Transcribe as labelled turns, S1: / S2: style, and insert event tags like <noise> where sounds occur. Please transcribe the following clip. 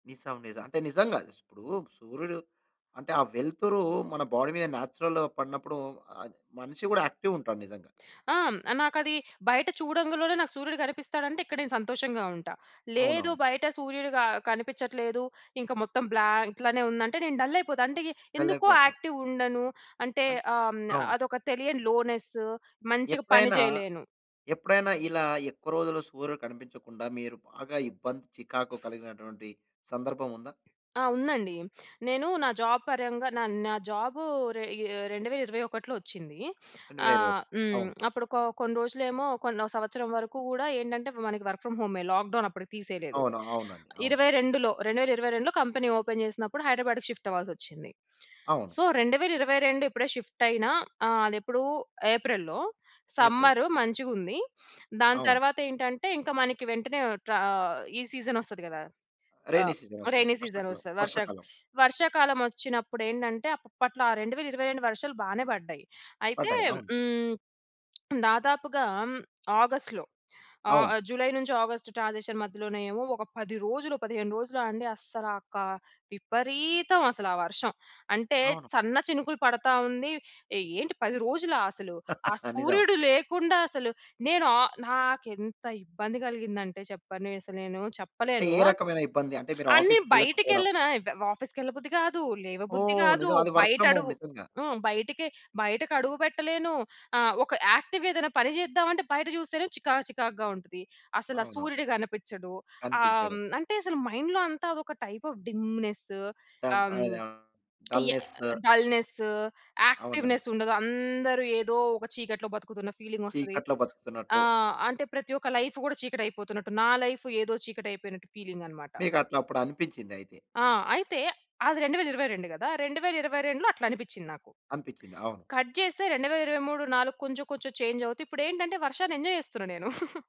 S1: నిజం. నిజం. అంటే నిజంగా ఇప్పుడు సూర్యుడు అంటే ఆ వెలుతురు మన బాడీ మీద నేచురల్‌గా పడినప్పుడు ఆహ్, మనిషి కూడా యాక్టివ్ ఉంటాడు నిజంగా.
S2: ఆ! నాకది బయట చూడంగులోనే నాకు సూర్యుడు కనిపిస్తాడంటే ఇక్కడ నేను సంతోషంగా ఉంటా. లేదు
S1: అవునవును.
S2: బయట సూర్యుడు క కనిపించట్లేదు. ఇంకా మొత్తం బ్లాంక్ ఇట్లానే ఉందంటే నేను డల్లయిపోతా అంటే
S1: డల్
S2: ఎందుకో
S1: అయిపోతారు.
S2: యాక్టివ్ ఉండను. అంటే
S1: అం
S2: ఆహ్, హ్మ్.
S1: అవును.
S2: అదొక తెలియని లోనెస్ మంచిగా పని
S1: ఎప్పుడైనా,
S2: చేయలేను.
S1: ఎప్పుడైనా ఇలా ఎక్కువ రోజులు సూర్యుడు కనిపించకుండా మీరు బాగా ఇబ్బంది, చికాకు కలిగినటువంటి సందర్భముందా?
S2: ఆ! ఉందండి. <sniffs> నేను నా జాబ్ పరంగా నా నా జాబు రె ఏ 2021లో ఒచ్చింది. <sniffs>
S1: రెండు వేల ఇరవై
S2: ఆహ్,
S1: ఒకటి
S2: హ్మ్.
S1: అవును.
S2: అప్పుడు <smacks lips> కొ కొన్ని రోజులేమో కొ సంవత్సరం వరకు కూడా ఏంటంటే మనకి వర్క్ ఫ్రమ్ హోమే లాక్ డౌన్ అప్పటికి తీసేయలేదు.
S1: అవును. అవునండి. అవును.
S2: 22లో, 2022లో కంపెనీ ఓపెన్ చేసినప్పుడు హైదరాబాద్‌కి షిఫ్ట్ అవ్వాల్సొచ్చింది. <sniffs>
S1: అవును.
S2: సో 2022 ఇప్పుడే షిఫ్ట్ అయిన ఆహ్, అదెప్పుడు ఏప్రిల్‌లో
S1: ఏప్రిల్.
S2: సమ్మర్ మంచిగుంది. దాని
S1: అవును.
S2: తరువాతేంటంటే ఇంకా మనకి వెంటనే ఆహ్, ఈ సీజన్ ఒస్తది కదా! ట్రా
S1: రెయినీ
S2: ఆహ్,
S1: సీజన్ ఒస్తుంది.
S2: రేనీ
S1: వర్షాకాలం.
S2: సీజనొస్తది. వర్ష
S1: వర్షాకాలం.
S2: వర్షాకాలం వచ్చినప్పుడేంటంటే అప్పట్లో ఆ 2022 వర్షాలు బానే పడ్డాయి. అయితే
S1: పడ్డాయి. అవును.
S2: హ్మ్. <smacks lips> దాదాపుగా ఆగస్ట్‌లో ఆహ్,
S1: అవును.
S2: జులై నుంచి ఆగస్ట్ ట్రాన్సిషన్ మధ్యలోనే ఏమో ఒక 10 రోజులు, 15 రోజులు అండి. అస్సలా కా విపరీతం అసలా ఆ వర్షం. అంటే
S1: అవును.
S2: సన్న చినుకులు పడతా ఉంది. ఏంటి? 10 రోజులా? అసలు ఆ
S1: <chuckles> నిజం.
S2: సూర్యుడు లేకుండా అసలు నేను ఆహ్, నాకేంత ఇబ్బంది కలిగిందంటే చెప్పను అసలు నేను
S1: అంటే
S2: చెప్పలేను.
S1: ఏ రకమైన ఇబ్బంది? అంటే మీరు
S2: అన్ని
S1: ఆఫీస్‌కి ఎళ్ళకపోవడం?
S2: బయటకెళ్ళిన ఎ ఆఫీస్‌కెళ్ళబుద్ధి కాదు. లేవబుద్ధి
S1: ఓహ్!
S2: కాదు.
S1: నిజం. అది వర్క్
S2: బయట
S1: ఫ్రమ్ హోమ్
S2: అడుగు
S1: నిజంగా.
S2: హ్మ్. బయటకి, బయటకి అడుగు పెట్టలేను. ఆహ్, ఒక యాక్టివ్ ఏదైనా పని చేద్దామంటే బయట చూస్తేనే చికాకు చికాకుగా ఉంటది. అసలా
S1: అవును.
S2: సూర్యుడు కనిపిచ్చడు.ఆహ్,
S1: కనిపించడు.
S2: హ్మ్, అంటే అసలు మైండ్‌లో అంతా అదొక టైప్ ఆఫ్ డిమ్‌నెస్
S1: ఆవ్
S2: ఆహ్,
S1: ఆవ్ డల్‌నెస్.
S2: <smacks lips> డల్‌నెస్,
S1: అవునండి.
S2: యాక్టివ్‌నెస్ ఉండదు. అందరు ఏదో ఒక చీకట్లో బ్రతుకుతున్న ఫీలింగోస్తది.
S1: చీకట్లో
S2: ఆ!
S1: బతుకుతున్నట్టు.
S2: అంటే ప్రతి ఒక్క లైఫ్ కూడా చీకటయిపోతున్నట్టు నా లైఫ్ ఏదో చీకటయిపోయినట్టు ఫీలింగన్నమాట.
S1: మీకట్లప్పుడు అనిపించిందయితే.
S2: ఆ! అయితే అది 2022 కదా! 2022 అట్లనిపిచింది నాకు.
S1: అనిపించింది. అవును.
S2: కట్ చేస్తే 2023, 4 కొంచెం కొంచెం చేంజ్ అవుతూ. ఇప్పుడెంటంటే వర్షాన్ని ఎంజాయ్ చేస్తున్నా నేను. <chuckles>